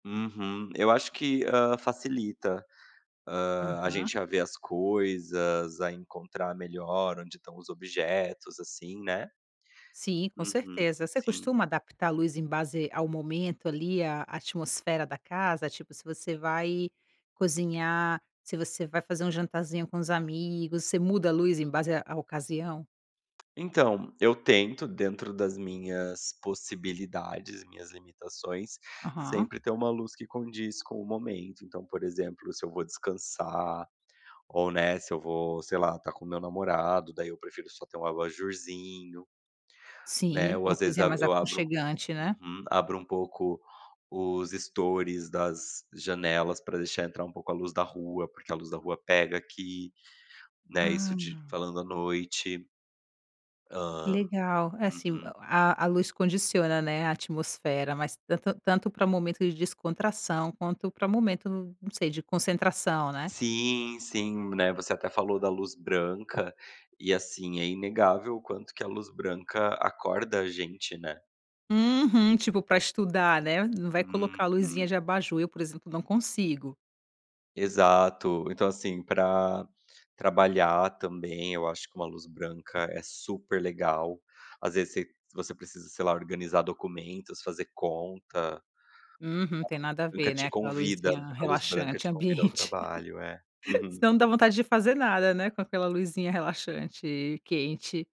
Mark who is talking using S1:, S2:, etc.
S1: Uhum. Eu acho que, hã, facilita, hã, a
S2: Aham.
S1: gente a ver as coisas, a encontrar melhor onde estão os objetos, assim, né.
S2: Sim, com
S1: Uhum,
S2: certeza. Você
S1: sim.
S2: costuma adaptar a luz em base ao momento, ali, a atmosfera da casa? Tipo, se você vai cozinhar, se você vai fazer um jantarzinho com os amigos, você muda a luz em base à à ocasião?
S1: Então, eu tento, dentro das minhas possibilidades, minhas limitações,
S2: Aham.
S1: sempre ter uma luz que condiz com o momento. Então por exemplo, se eu vou descansar, ou, né, se eu vou sei lá, estar com o meu namorado, daí eu prefiro só ter um abajurzinho. Né,
S2: Sim,
S1: ou
S2: uma
S1: às vezes
S2: coisinha
S1: abro
S2: mais
S1: eu abro
S2: aconchegante, né.
S1: uhum. Abro um pouco os estores das janelas, pra deixar entrar um pouco a luz da rua, porque a luz da rua pega aqui. Né, isso de
S2: Ah.
S1: falando à noite. Hã.
S2: Legal. Assim, o
S1: Uhum.
S2: a a luz condiciona, né, a atmosfera. Mas tanto tanto pra momento de descontração, quanto pra momento, não sei, de concentração, né.
S1: Sim, sim. Né, você até falou da luz branca, e assim, é inegável o quanto que a luz branca acorda a gente, né.
S2: Uhum. Tipo pra estudar, né. Não vai colocar a luzinha
S1: Uhum.
S2: de abajur. Eu, por exemplo, não consigo.
S1: Exato. Então assim, pra trabalhar também, eu acho que uma luz branca é super legal. Às vezes você se você precisa, sei lá, organizar documentos, fazer conta.
S2: Uhum, tem nada a
S1: Nunca
S2: ver,
S1: te
S2: né, aquela
S1: convida
S2: luzinha
S1: a luz branca,
S2: relaxante
S1: te convida ao
S2: ambiente.
S1: trabalho, é. Uhum.
S2: Senão não dá vontade de fazer nada, né, com aquela luzinha relaxante e quente.